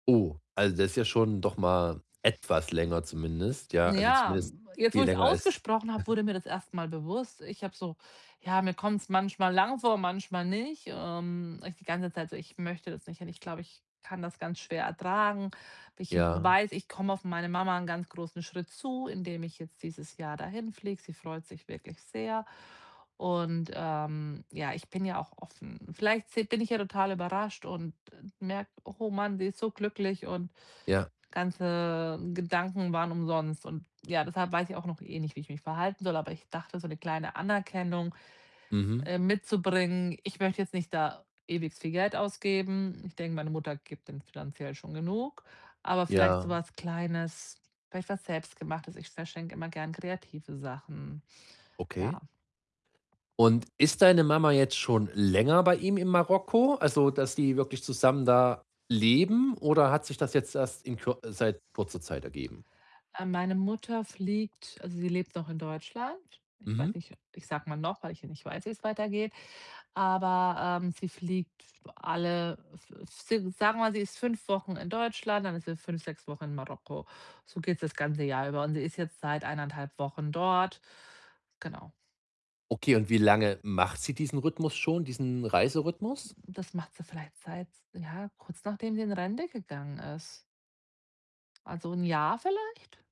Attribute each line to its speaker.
Speaker 1: Oh, also, das ist ja schon doch mal etwas länger zumindest. Ja, also,
Speaker 2: Ja,
Speaker 1: zumindest
Speaker 2: hm, jetzt, wo
Speaker 1: viel
Speaker 2: ich's
Speaker 1: länger als
Speaker 2: ausgesprochen habe, wurde mir das erst mal bewusst. Ich habe so ja, mir kommt's manchmal lang vor, manchmal nicht. Ähm, ist die ganze Zeit so: „Ich möchte da jetzt nicht hin, ich glaube, ich kann das ganz schwer ertragen. Ich
Speaker 1: Ja.
Speaker 2: weiß, ich komme auf meine Mama 'nen ganz großen Schritt zu, indem ich jetzt dieses Jahr dahinfliege.“ Sie freut sich wirklich sehr und, ähm, ja, ich bin ja auch offen. Vielleicht se bin ich ja total überrascht und, äh, merke: „Oh Mann, die ist so glücklich und
Speaker 1: Ja.
Speaker 2: ganze Gedanken waren umsonst.“, und ja, deshalb weiß ich auch noch eh nicht, wie ich mich verhalten soll, aber ich dachte, so 'ne kleine Anerkennung,
Speaker 1: Mhm.
Speaker 2: äh, mitzubringen. Ich möchte jetzt nicht da ewig viel Geld ausgeben. Ich denke, meine Mutter gibt dem finanziell schon genug, aber vielleicht so
Speaker 1: Ja.
Speaker 2: was Kleines, vielleicht was Selbstgemachtes. Ich verschenke immer gern kreative Sachen,
Speaker 1: Okay.
Speaker 2: ja.
Speaker 1: Und ist deine Mama jetzt schon länger bei ihm in Marokko, also, dass die wirklich zusammen da leben? Oder hat sich das jetzt erst in kü seit kurzer Zeit ergeben?
Speaker 2: Äh, meine Mutter fliegt also, sie lebt noch in Deutschland. Ich
Speaker 1: Mhm.
Speaker 2: weiß nicht, ich sage mal noch, weil ich ja nicht weiß, wie's weitergeht, aber, ähm, sie fliegt alle äh, f f si sagen wir, sie ist 5 Wochen in Deutschland, dann ist sie 5, 6 Wochen in Marokko. So geht's das ganze Jahr über und sie ist jetzt seit 1 1/2 Wochen dort, genau.
Speaker 1: Okay, und wie lange macht sie diesen Rhythmus schon, diesen Reiserhythmus?
Speaker 2: Das macht sie vielleicht seit, ja, kurz nachdem sie in Rente gegangen ist. Also, 1 Jahr vielleicht?